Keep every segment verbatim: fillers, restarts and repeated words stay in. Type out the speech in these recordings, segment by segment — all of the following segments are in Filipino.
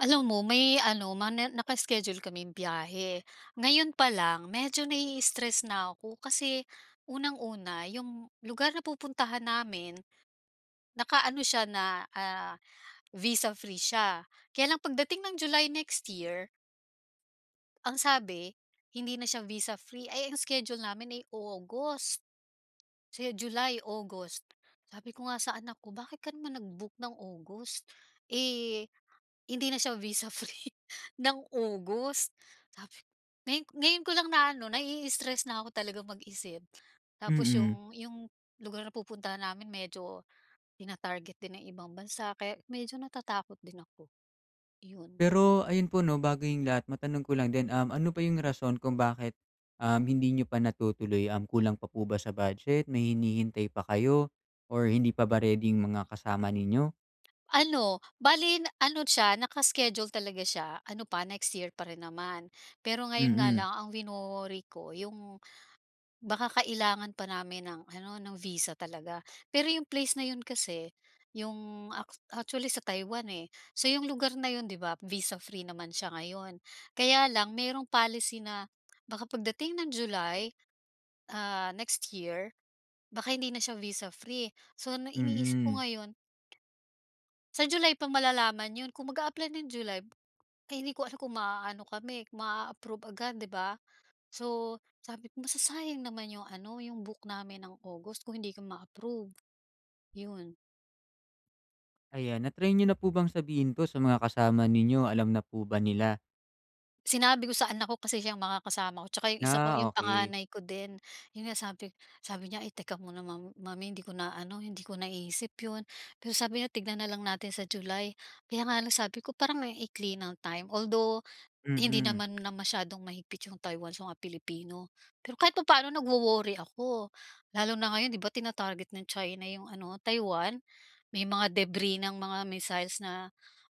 Alam mo, may ano, ma na naka-iskediul kaming biyahe. Ngayon pa lang medyo nai-stress na ako kasi unang-una, ’yong lugar na pupuntahan namin, nakaano siya na, ah, visa-free siya. Kaya lang pagdating ng July next year ang sabi, hindi na siya visa-free. Eh, ang schedule namin ay August, kasi July, August. Sabi ko nga sa anak ko, "Bakit ka naman nag-book ng August, eh, hindi na siya visa-free ng August?" Sabi ngayon ngayon ko lang naano, nai-stress na'ko talagang mag-isip. Tapos Mm. ’yong ’yong lugar na pupuntahan namin medyo tina-target din ng ibang bansa kaya medyo natatakot din ako. Iyon. Pero ayun po ’no, bago ’yong lahat, matanong ko lang din, um, ano ba ’yong rason kung bakit, uhm, hindi niyo pa natutuloy? Um, kulang pa po ba sa budget, may hinihintay pa kayo or hindi pa ba ready 'yong mga kasama ninyo? Ano, bale na ano siya, naka-iskediul talaga siya, ano pa next year pa rin naman. Pero ngayon nga Mm. lang ang wino-worry ko ’yong baka kailangan pa namin ng ano, no'ng visa talaga. Pero ’yong place na ’yon kasi, ’yong ak actually sa Taiwan, eh. So ’yong lugar na ’yon, ’di ba, visa-free naman siya ngayon. Kaya lang mayroong policy na baka pagdating ng July, ah, next year, baka hindi na siya visa-free. So 'no, iniisip ko Mm. ngayon sa July pa malalaman ’yon. Kung mag-aapply ng July kaya hindi ko alam kung ma-aano kami, ma-aapprove agad, ’di ba? So sabi ko, masasayang naman ’yong ano, ’yong book namin ng August kung hindi kami ma-approve. ’Yon. Ayan, na-try niyo na po bang sabihin 'to, sa mga kasama ninyo, alam na po ba nila? Sinabi ko sa anak ko, kasi siyang makakasama ko 'tsaka 'yong isa ko Ah, 'yong okey. panganay ko din. 'Yon nga sabi sabi niya, eh, "Teka muna mom mommy 'di ko na ano, hindi ko naisip 'yon." Pero sabi niya, "Tignan na lang natin sa July." Kaya nga lang sabi ko parang ang ikli ng time. Although, hindi Mm. naman na masyadong mahigpit 'yong Taiwan sa mga Pilipino. Pero kahit papano nagwo-worry ako, lalo na ngayon 'di ba, tina-target ng China 'yong ano, Taiwan. May mga debris ng mga missiles na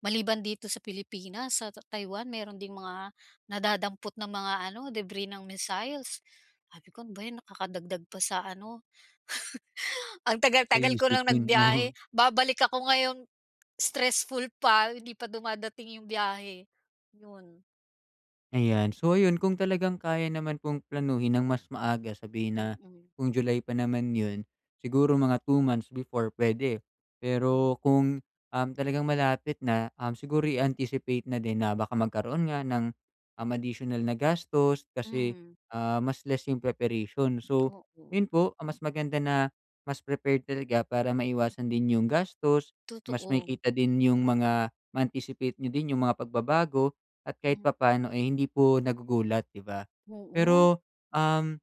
maliban dito sa Pilipinas, sa ta Taiwan meron ding mga nadadampot na mga ano debris ng missiles. Sabi ko ano ba 'yan nakakadagdag pa sa ano. Ang So, tagal-tagal ko ng iisipin nagbiyahe, mo. babalik ako ngayon, stressful pa, hindi pa dumadating yung biyahe, yun. Ayan. So, ayun kung talagang kaya naman pong planuhin nang mas maaga, sabihin na Mm. kung July pa naman 'yon siguro mga two months before pwede. Hmm. Pero kung, um talagang malapit na, um, siguro i-anticipate na din na baka magkaroon nga ng, um additional na gastos, kasi, Hmm. ah, mas less yung preparation. So Oo. yun po, ah, mas maganda na mas prepared talaga para maiwasan din yung gastos, mas Totoo. makikita din yung mga ma-anticipate niyo din yung mga pagbabago at kahit Hmm. papano, eh, hindi po nagugulat, 'di ba. Oo. Pero, um,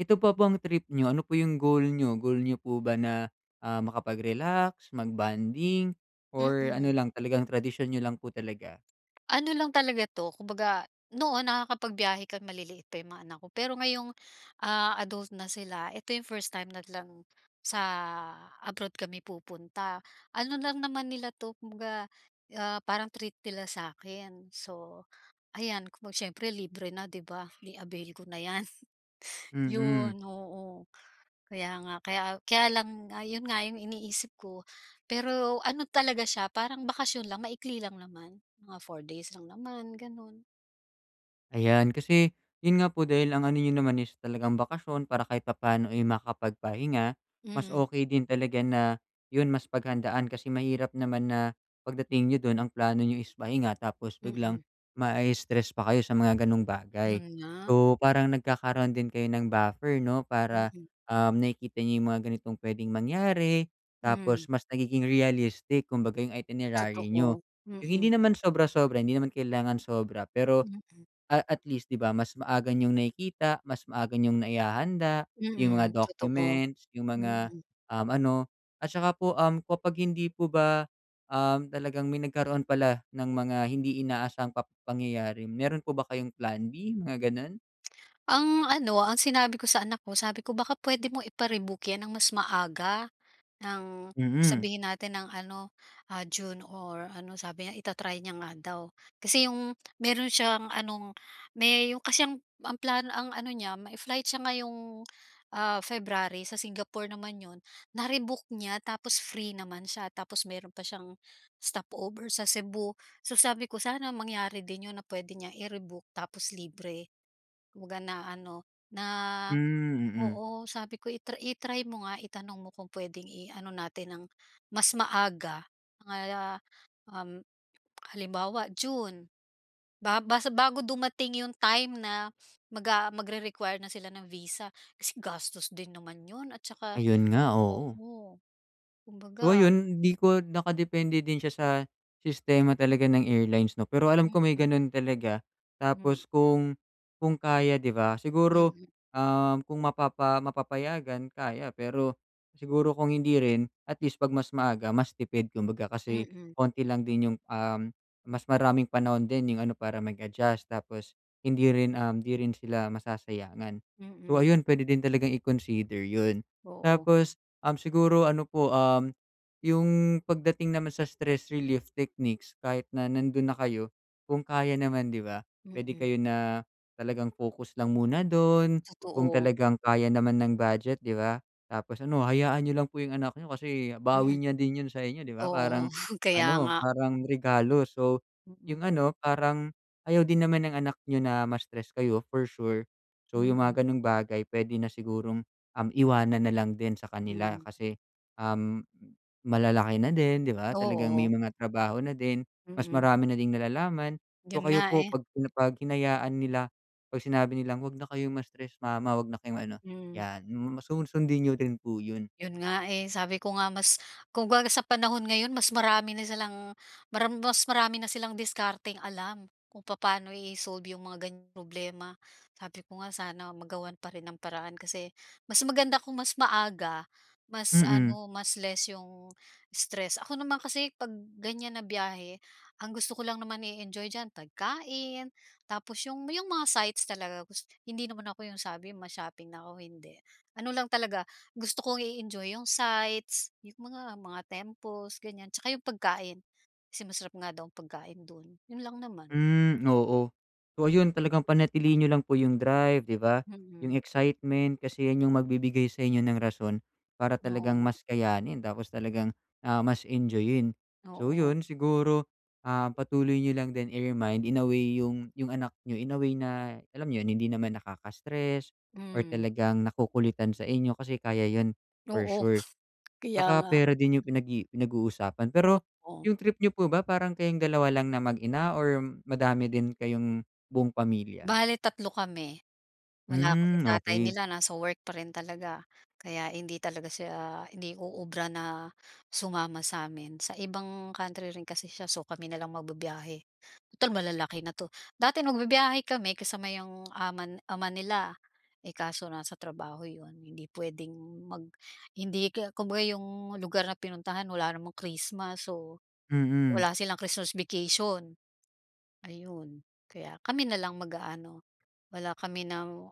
ito ba pong trip niyo, ano po yung goal niyo? Goal niyo po ba na, ah, makapag-relax, mag bonding or ano Mm. lang, talagang tradisyon niyo lang po talaga? Ano lang talaga 'to, kumbaga, noon nakakapagbiyahe kang maliliit pa 'yong mga anak ko. Pero ngayong, ah, adult na sila, ito 'yong first time nag lang, sa abroad kami pupunta. Ano lang naman nila 'to kumbaga, ah, parang treat nila sa akin, so ayan, kumbaga siyempre libre na 'di ba, i-avail ko na 'yan. Mm. Yun, oo, kaya nga, kaya kaya lang nga, ah, yun nga yung iniisip ko pero ano talaga siya parang bakasyon lang maikli lang naman, mga four days lang naman ganun. Ayan, kasi 'yon nga po dahil ang ano n'yo naman is talagang bakasyon para kahit papa'no, eh, makapagpahinga. Mas Mm. okey din talaga na 'yon, mas paghandaan kasi mahirap naman na pagdating n'yo do'n, ang plano n'yo is pahinga tapos biglang Mm. mai-stress pa kayo sa mga gano'ng bagay, Yun nga. so parang nagkakaroon din kayo ng buffer 'no, para, Mm. um, nakikita n'yo yung mga ganitong puwedeng mangyari tapos Mm. mas nagiging realistic kumbaga yung itinerary n'yo, Totoo, yung hindi mm. naman sobra-sobra, hindi naman kailangan sobra pero, Mm. ah, at least di ba mas maaga niyong nakikita, mas maaga niyong naihahanda yung mga Mm, totoo, documents, yung mga, mm. um, ano, at tsaka po kapag hindi po ba, um, talagang may nagkaroon pala ng mga hindi inaasahang pap pangyayari, meron po ba kayong Plan B, mga gano'n? Ang ano, ang sinabi ko sa anak ko, sabi ko, baka puwede mo ipa-rebook 'yan ng mas maaga, ng Mm. sabihin natin ng ano, ah, June or ano, sabi niya, ita-try niya nga daw. Kasi yung meron siyang anong me yung kasi ang ang plano, ang ano niya, may-flight siya ngayong, ah, February sa Singapore naman 'yon, na-rebooked niya tapos free naman siya tapos mayro'n pa siyang stopover sa Cebu, so sabi ko sana mangyari din 'yon na puwede niyang i-rebook tapos libre. waga na ano, na Hmm, mm. oo, sabi ko, i-tr i-try mo nga, itanong mo kung puwedeng i-ano natin ng mas maaga, mga um, halimbawa, June ba bas bago dumating yung time na maga magre-require na sila ng visa kasi gastos din naman 'yon at tsaka Ayun nga, oo. oo, So, kumbaga ayun hindi ko nakadepende din siya sa sistema talaga ng airlines 'no, pero alam ko may Mm. ganun talaga tapos Hmm. kung kung kaya 'di ba, siguro, Mm. um, kung mapapa mapapayagan kaya, pero siguro kung hindi rin at least 'pag mas maaga, mas tipid kumbaga kasi Mm. konti lang din yung, um, mas maraming panahon din yung ano, para mag-adjust tapos hindi rin, um, hindi rin sila masasayangan. So, Mm. ayun pwede din talagang i-consider 'yun. Oo. Tapos, um, siguro ano po, um, yung pagdating naman sa stress relief techniques, kahit na nandun na kayo kung kaya naman 'di ba, puwede Mm. kayo na talagang focus lang muna dun kung Totoo. talagang kaya naman ng budget, 'di ba? Tapos ano, hayaan n'yo lang po yung anak n'yo kasi bawi Mm. niya din 'yun sa inyo, 'di ba? Parang Oo, kaya ano, nga. parang regalo. So, yung Mm. ano, parang ayaw din naman ng anak n'yo na ma-stress kayo for sure, so yung Mm. mga gano'ng bagay, puwede na sigurong, um, iwanan na lang din sa kanila Mm. kasi, um, malalaki na din, 'di ba? Talagang may Oo. mga trabaho na din, mas Mm. marami na ding nalalaman. So, Yun kayo nga, po eh. 'pag 'pag hinayaan nila, 'pag sinabi nilang 'wag na kayong ma-stress, mama. Huwag na kayong ano, Mm. 'yan masu sun sundin n'yo din po 'yon. Yun nga, eh, sabi ko nga, mas kung ga sa panahon ngayon, mas marami na silang maram mas marami na silang diskarteng alam kung papaano i-solve yung mga ganiyang problema, sabi ko nga, sana magawan pa rin ng paraan kasi mas maganda kung mas maaga, mas Mm. ano, mas less yung stress. Ako naman kasi 'pag ganyan na biyahe, ang gusto ko lang naman i-enjoy diyan pagkain tapos yung yung mga sites talaga, gus hindi naman ako yung sabi ma-shopping, nako, hindi. Ano lang talaga, gusto kong i-enjoy yung sites yung mga mga temples, ganyan. Tsaka yung pagkain, kasi masarap nga daw pagkain do'n, 'yon lang naman. Hmm, oo. So, ayun talagang panatilihin n'yo lang po yung drive, di ba, yung Mm. excitement, kasi 'yan yung magbibigay sa inyo ng rason para talagang Oo. mas kayanin tapos talagang, ah, mas enjoyin, so Oo. yun siguro, ah, patuloy niyo lang din, i-remind, in a way yung yung anak n'yo in a way na alam nyo 'yon, hindi naman nakaka-stress or Hmm. talagang nakukulitan sa inyo kasi kaya yun for Oo, sure. kaya Tsaka nga. pera din yung pinag-i pinag-uusapan. O Pero o. yung trip niyo po ba, parang kayong dalawa lang na mag-ina or madami din kayong buong pamilya? Bale, tatlo kami. Wala kasi Hmm, tatay okey. nila, nasa work pa rin talaga kaya hindi talaga siya, hindi uubra na sumama sa amin. Sa ibang country rin kasi siya, so kami na lang magbibiyahe, tutal malalaki na 'to. Dati nagbibiyahe kami kasama yung aman ama nila, eh, kaso nasa trabaho 'yon, hindi puwedeng mag hindi k'ya kumbaga yung lugar na pinuntahan, wala namang Christmas, so Mm. wala silang Christmas vacation. Ayun, kaya kami na lang mag-aano, wala kami ng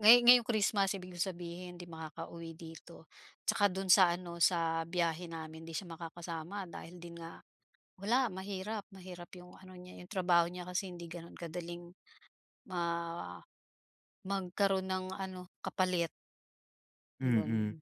ngay ngayong Christmas, ibig kong sabihin, 'di makakauwi dito 'tsaka do'n sa ano, sa biyahe namin, di siya makakasama dahil din nga wala, mahirap mahirap yung ano niya, yung trabaho niya kasi hindi gano'n kadaling ma magkaroon ng ano, kapalit. Mm, 'Yon.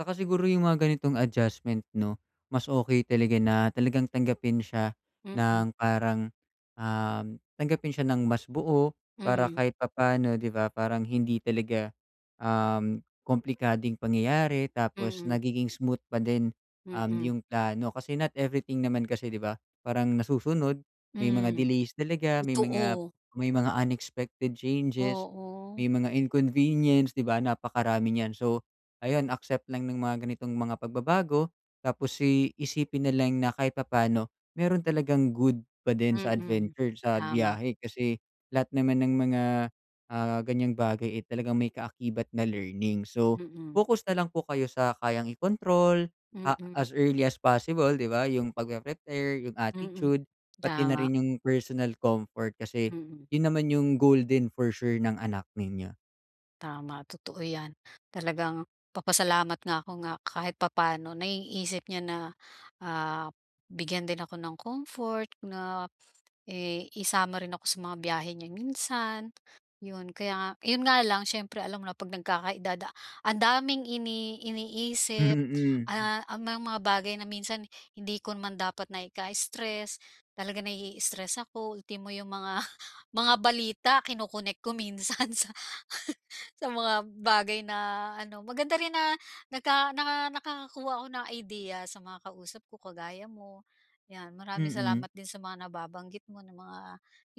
saka siguro yung mga ganitong adjustment 'no, mas okey talaga na talagang tanggapin siya Mm. ng parang, uhm, tanggapin siya ng mas buo para Mm. kahit papaano 'di ba, parang hindi talaga, uhm, komplikadong pangyayari. Tapos Mm. nagiging smooth pa din, uhm, Mm. yung plano. Kasi not everything naman kasi 'di ba, parang nasusunod, may mga Mm, delays talaga, may mga totoo. may mga unexpected changes, Oo. may mga inconvenience, 'di ba? Napakarami nyan. So, ayan, accept lang ng mga ganitong mga pagbabago tapos i isipin na lang na kahit papaano meron talagang good pa din sa Mm, adventure sa tama. biyahe. Kasi lahat naman ng mga, ah, ganyang bagay eh, talagang may kaakibat na learning. So, Mm. focus na lang po kayo sa kayang ikontrol, ah, Mm. as early as possible, 'di ba, yung pagpre-prepare, yung Mm, attitude pati na tama. rin yung personal comfort. Kasi Mm. yun naman yung goal din for sure ng anak ninyo. Tama, totoo 'yan, talagang nagpapasalamat nga ako nga kahit papaano naiisip niya na, ah, bigyan din ako ng comfort na i isama rin ako sa mga biyahe niya minsan, 'yon. Kaya nga 'yon nga lang, siyempre alam mo na 'pag nagkaka-edad ang daming ini iniisip, Mm. ah, ang mga bagay na minsan hindi ko naman dapat na ika-stress talaga nai-stress ako ultimo yung mga mga balita kinokonek ko minsan sa sa mga bagay na ano, maganda rin na naka naka nakakakuha ako ng idea sa mga kausap ko kagaya mo, yan. Maraming Mm. salamat din sa mga nababanggit mo na mga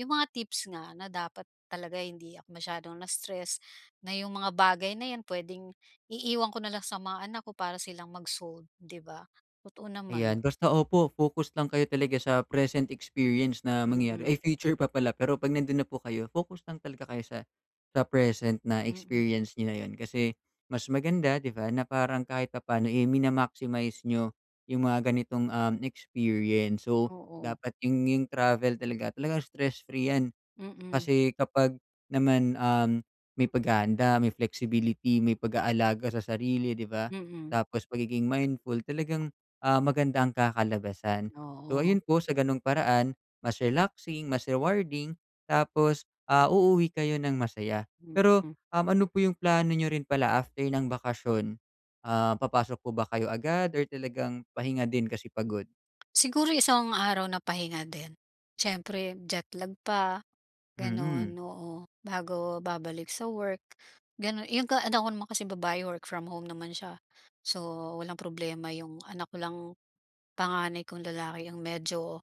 yung mga tips nga na dapat talaga hindi ako masyadong na-stress, na yung mga bagay na yan pwedeng iiwan ko na lang sa mga anak ko para silang mag-solve, 'di ba? Totoo Ayan, naman. basta opo focus lang kayo talaga sa present experience na Mm. mangyayari ay, future pa pala. Pero 'pag nandun na po kayo, focus lang talaga kayo sa sa present na Mm. experience niyo na yun. Kasi mas maganda, 'di ba, na parang kahit papaano eh, mina-maximize niyo yung mga ganitong, uhm, experience. So, Oo. dapat yung yung travel talaga, talagang stress free 'yan. Mm. Kasi kapag naman, uhm, may paghahanda, may flexibility, may pag-aalaga sa sarili, 'di ba? Mm. Tapos, pagiging mindful talagang, ah, maganda ang kakalabasan. So, Oo. ayun po sa gano'ng paraan mas relaxing, mas rewarding, tapos, ah, uuwi kayo ng masaya. Pero, Mm. uhm, ano po yung plano niyo rin pala after ng bakasyon, ah, papasok po ba kayo agad or talagang pahinga din kasi pagod? Siguro, isang araw na pahinga din. Siyempre, jetlag pa, gano'n, Mm. oo, bago babalik sa work, gano'n. Eh, yung ga yung anak ko naman kasing babae, work from home naman siya. So, walang problema yung anak ko lang, panganay kong lalaki ang medyo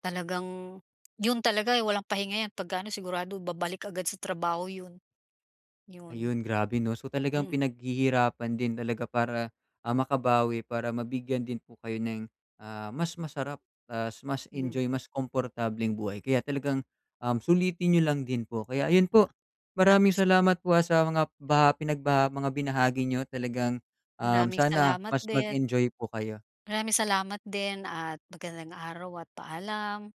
talagang 'yon talaga walang pahinga yan pagka ano, sigurado babalik agad sa trabaho 'yon. 'Yon. Ayun, grabe 'no? So, talagang Mm. pinaghihirapan din talaga para, ah, makabawi, para mabigyan din po kayo ng, ah, mas masarap tapos mas Mm. enjoy, mas komportableng buhay. Kaya talagang, uhm, sulitin niyo lang din po. Kaya ayun po, maraming [unintelligible] salamat po ah, sa mga baha mga pinagbaha mga binahagi niyo talagang, uhm, Maraming sana salamat mas din. mag-enjoy po kayo. Maraming salamat din at magandang araw at paalam.